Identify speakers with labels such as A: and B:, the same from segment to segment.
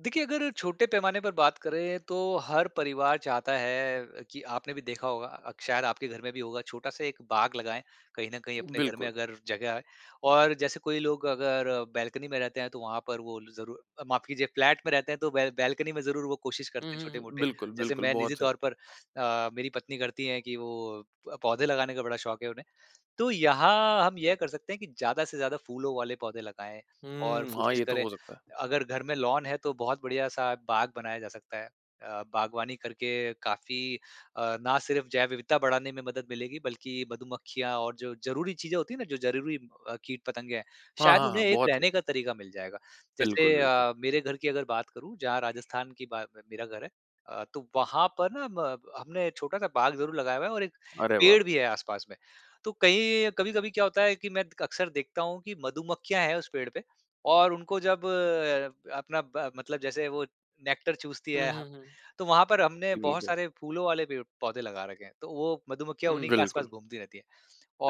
A: देखिए, अगर छोटे पैमाने पर बात करें, तो हर परिवार चाहता है अ, कि आपने भी देखा होगा, शायद आपके घर में भी होगा छोटा-सा एक बाग लगाएँ कहीं न कहीं अपने घर में
B: बिल्कुल।
A: अगर जगह और जैसे कोई लोग अगर बालकनी में रहते हैं तो वहाँ पर वो ज़रूर अ, माफ़ कीजिए फ्लैट में रहते हैं तो बैल बैलकनी में ज़रूर वो कोशिश करते
B: हुँ,
A: हैं,
B: हुँ, हुँ।
A: छोटे-मोटे
B: बिल्कुल,
A: जैसे
B: बिल्कुल,
A: मैं निज़ी
B: बहुत सही।
A: तौर पर अ, मेरी पत्नी करती है कि वो पौधे लगाने का बड़ा शौक़ है उन्हें। तो यहाँ हम यह कर सकते हैं कि ज़्यादा से ज़्यादा फूलों वाले पौधे लगाएँ और
B: हुँ, हाँ
A: कोशिश
B: ये तो
A: करें,
B: हो सकता है।
A: अगर घर में लॉन है तो बहुत बढ़िया सा बाग बनाया जा सकता है। अ, बागवानी करके काफ़ी अ, ना सिर्फ जैव विविधता बढ़ाने में मदद मिलेगी, बल्कि मधुमक्खियाँ और जो ज़रूरी चीज़ें होती हैं ना जो ज़रूरी अ, कीट पतंगे हैं,
B: हाँ,
A: शायद
B: हाँ, हाँ,
A: उन्हें एक
B: बहुत है।
A: रहने का तरीका मिल जाएगा जैसे
B: बिल्कुल, बिल्कुल।
A: अ, मेरे घर की अगर बात करूँ जहाँ राजस्थान की बा में मेरा घर है अ, तो वहाँ पर ना म हमने छोटा-सा बाग ज़रूर लगाया हुआ है और एक
B: अरे वाह!
A: पेड़ भी है आस-पास में, तो कहीं कभी-कभी क्या होता है कि मैं अक्सर देखता हूँ कि मधुमक्खियाँ हैं उस पेड़ पे और उनको जब अपना ब मतलब जैसे वो नेक्टर चूसती
B: हुँ,
A: है ह
B: हुँ, हुँ।
A: तो वहाँ पर हमने
B: जी,
A: बहुत
B: बिल्कुल।
A: सारे फूलों वाले पेड़-पौधे लगा रखे हैं। तो वो मधुमक्खियाँ
B: हुँ,
A: उन्हीं के आस-पास
B: बिल्कुल।
A: घूमती रहती है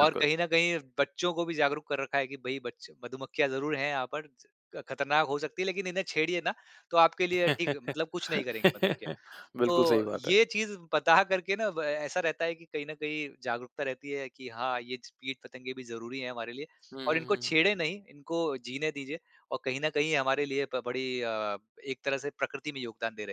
A: और कहीं न कहीं बच्चों को भी जागरूक कर रखा है कि भई बच मधुमक्खियाँ ज़रूर हैं यहाँ पर, ख़तरनाक हो सकती है लेकिन इन्हें छेड़िए ना, तो आपके लिए ठीक है मतलब कुछ नहीं करेंगे मधुमक्खियाँ।
B: बिल्कुल, सही
A: तो
B: बात है।
A: ये चीज़ पता करके ना ब ऐसा रहता है कि कहीं न कहीं जागरूकता रहती है कि हाँ ये ज कीट पतंगे भी ज़रूरी हैं हमारे लिए
B: हुँ,
A: और
B: हुँ,
A: इनको
B: हुँ।
A: छेड़े नहीं इनको जीने दीजिये और कहीं न कहीं हमारे लिए बड़ी अ, एक तरह से प्रकृति में योगदान दे रहे हैं।